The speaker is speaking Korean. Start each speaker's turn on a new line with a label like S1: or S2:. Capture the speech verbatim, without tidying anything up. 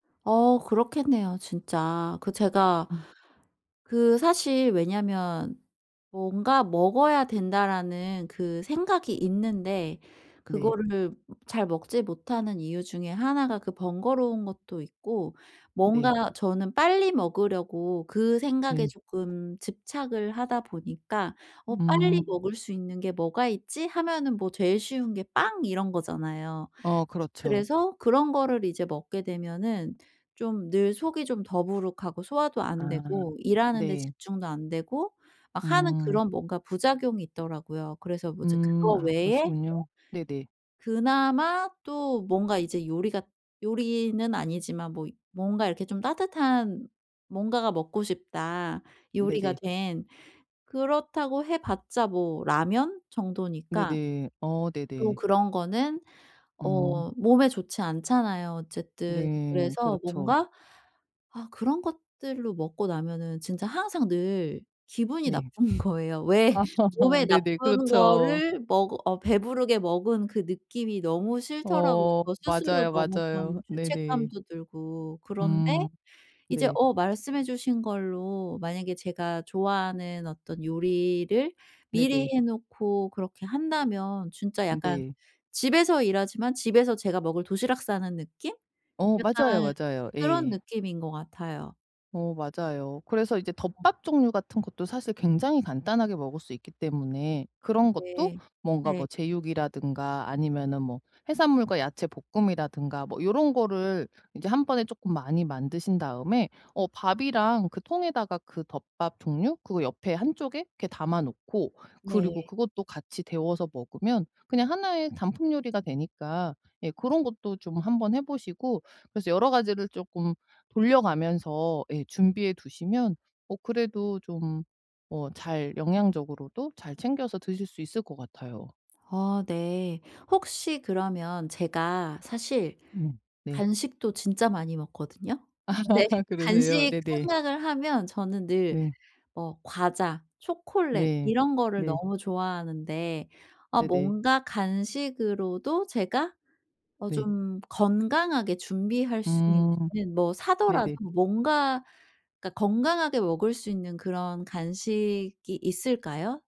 S1: 어 그렇겠네요 진짜. 그 제가
S2: 음.
S1: 그 사실 왜냐면 '뭔가 먹어야 된다.'라는 그 생각이 있는데
S2: 네.
S1: 그거를 잘 먹지 못하는 이유 중에 하나 가 그 번거로운 것도 있고
S2: 네.
S1: 뭔가 저는 빨리 먹으려고 그 생각에
S2: 네.
S1: 쪼끔 집착을 하다 보니까 '어 빨리
S2: 음.
S1: 먹을 수 있는 게 뭐가 있지?' 하면은 뭐 제일 쉬운 게 빵 이런 거잖아요.
S2: 어. 그렇죠.
S1: 그래서 그런 거를 이제 먹게 되면은 좀 늘 속이 좀 더부룩하고 소화도 안
S2: 아.
S1: 되고 일하는데
S2: 네.
S1: 집중도 안 되고 막 하는
S2: 음.
S1: 그런 뭔가 부작용이 있더라고요. 그래서 뭐 이제
S2: 음.
S1: 그거
S2: 아.
S1: 외에 또
S2: 그러시군요. 네네.
S1: 그나마 또 뭔가 이제 요리가 요리는 아니지만 뭐 이 뭔가 이렇게 좀 따뜻한 뭔가가 먹고 싶다 요리가
S2: 네네.
S1: 된. 그렇다고 해 봤자 뭐 라면 정도니까
S2: 네네. 어
S1: 또
S2: 네네.
S1: 그런 거는
S2: 음.
S1: 어 몸에 좋지 않잖아요 어쨌든.
S2: 네.
S1: 그래서
S2: 그렇죠.
S1: 뭔가 아 그런 것들로 먹고 나면은 진짜 항상 늘 기분이
S2: 네.
S1: 나쁜 거예요. 왜
S2: 아
S1: 몸에
S2: 네네.
S1: 나쁜
S2: 그렇죠.
S1: 거를 먹어 어 배부르게 먹은 그 느낌이 너무 싫더라고요.
S2: 어.
S1: 저 스스로
S2: 맞아요,
S1: 너무
S2: 맞아요.
S1: 좀
S2: 네네.
S1: 죄책감도 들고 그런데
S2: 음.
S1: 이제
S2: 네.
S1: 어 말씀해 주신 걸로 만약에 제가 좋아하는 어떤 요리를 미리
S2: 네네.
S1: 해 놓고 그렇게 한다면 진짜 약간
S2: 네.
S1: 집에서 일하지만 집에서 제가 먹을 도시락 싸는 느낌?
S2: 어. 맞아요,
S1: 약간
S2: 맞아요.
S1: 그런
S2: 예.
S1: 느낌인 것 같아요.
S2: 어 맞아요. 그래서 이제
S1: 어.
S2: 덮밥 종류 같은 것도 사실 굉장히 간단하게 먹을 수 있기 때문에 그런 것도
S1: 네.
S2: 뭔가
S1: 네.
S2: 뭐 제육이라든가 아니면은 뭐 해산물과 야채 볶음이라든가 뭐 요런 거를 이제 한 번에 쪼끔 많이 만드신 다음에 어 밥이랑 그 통에다가 그 덮밥 종류 그 옆에 한 쪽에 이렇게 담아 놓고 그리고
S1: 네.
S2: 그것도 같이 데워서 먹으면 그냥 하나 의 단품 요리가 되니까 예 그런 것도 좀 한번 해 보시고 그래서 여러 가지를 쪼끔 돌려가면서 예 준비해 두시면 어 그래도 좀 어 잘 영양적으로도 잘 챙겨서 드실 수 있을 것 같아요.
S1: 어. 네. 혹시 그러면 제가 사실
S2: 음. 네.
S1: 간식도 진짜 많이 먹거든요. 근데
S2: 그러세요?
S1: 간식
S2: 네네.
S1: 생각을 하면 저는 늘
S2: 네.
S1: 뭐 과자, 초콜릿
S2: 네.
S1: 이런 거를
S2: 네.
S1: 너무 좋아하는데 아
S2: 네네.
S1: 뭔가 간식으로도 제가 어
S2: 네.
S1: 좀 건강하게 준비할 수
S2: 음.
S1: 있는 뭐 사더라도
S2: 네네.
S1: 뭔가 그러니까 건강하게 먹을 수 있는 그런 간식이 있을까요?